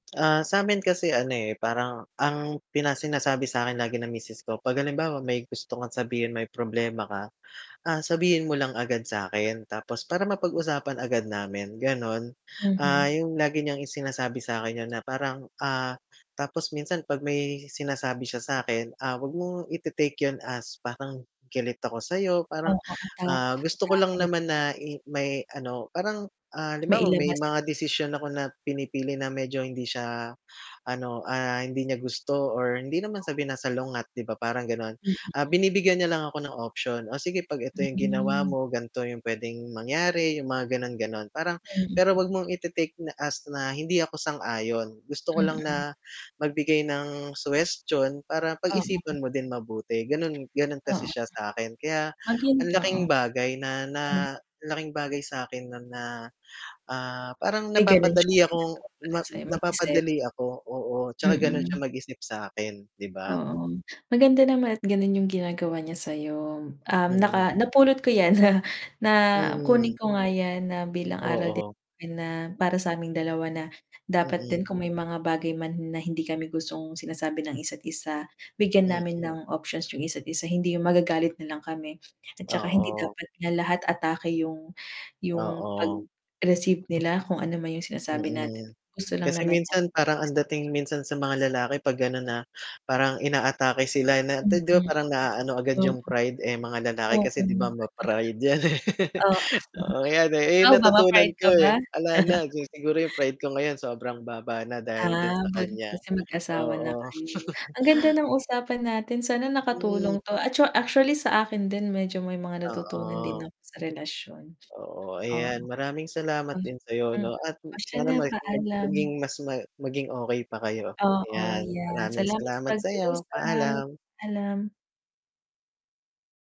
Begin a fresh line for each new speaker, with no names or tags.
Ah, sa'min kasi, ano, eh, parang ang pina sinasabi sa'kin lagi ng misis ko, 'pag halimbawa, may gusto kang sabihin, may problema ka, ah, sabihin mo lang agad sa akin, tapos para mapag-usapan agad namin gano'n. Ah,
Mhm.
yung lagi niyang i sinasabi sa'kin yun na parang, ah, tapos minsan 'pag may sinasabi siya sa'kin, ah, 'wag mong ite-take 'yon as parang galit ako sa'yo, parang,
Oo, attack,
ah, gusto ko lang
atake.
naman na i mai ano, parang, ah, halimbawa may
Mailabas yung
mga
gusto.
desisyon ako na pinipili na medyo hindi siya, ano, ah, hindi niya gusto or hindi naman sa sinasalungat, 'di ba, parang, gano'n.
Mm.
Ah, binibigyan niya lang ako ng option, "O sige, 'pag ito yung ginawa
Mm.
mo, ganito yung puwedeng mangyari," yung mga gano'n-gano'n. Parang
Mm.
pero 'wag mong ite-take na as na hindi ako sang-ayon, gusto ko lang
Mm.
na magbigay ng suhestiyon para
Oo.
pag-isipan mo din mabuti, gano'n. Gano'n kasi
Oo.
siya sa akin kaya
Maging
ang
tao.
laking bagay na na
Oo.
laking bagay sa'kin no'n na, ah, parang
Ay, gano'n
napapadali
siyang
akong
ginagawa para
na
sa'yo, mag-isip.
napapadali ako, oo, tsaka gano'n siya
Mm.
mag-isip sa'kin, 'di ba?
Oo. Maganda naman at ganun yung ginagawa niya sa'yo. Um,
Mm.
naka napulot ko 'yan na kunin
Mm.
ko nga 'yan na bilang aral din
Oo.
namin na para sa aming dalawa na dapat
Mm.
din kung may mga bagay man na hindi kami gustong sinasabi ng isa't-isa, bigyan namin
Mm.
ng options yung isa't isa. Hindi yung magagalit na lang kami at tsaka hindi
Oo.
dapat na lahat atake yung yung
Oo.
pag-receive nila kung ano man yung sinasabi natin,
Mm.
gusto lang
Kasi
naman natin gusto lang
minsan
naman
parang
natin.
ang dating minsan sa mga lalaki 'pag gano'n na, parang inaatake sila na 'di 'di ba
Mm,
parang naaano agad yung pride, eh. Mga lalaki
oo.
kasi 'di ba, ma-pride 'yan, eh. Oo, 'yan, eh. Eh,
Ikaw ba,
natutunan
papayag ka
ko,
ba?
eh, 'ala na. Si siguro yung pride ko ngayon, sobrang baba na dahil din
Ah,
sa
buti
kanya,
kasi mag-asawa na
oo.
kayo. Ang ganda ng usapan natin. Sana
Hmm.
nakatulong 'to, at tsa actually sa akin din medyo may mga natutunan din
Oo.
ako sa relasyon,
Oo,
oo.
ayan, maraming salamat din sa'yo, 'no,
[unintelligible]
at
Oh, siya
sana
na,
ma
paalam.
maging mas ma maging okey pa kayo.
Oo,
Ayan,
yeah.
maraming
salamat sa
salamat sa'yo,
pag-uusap,
paalam.
paalam.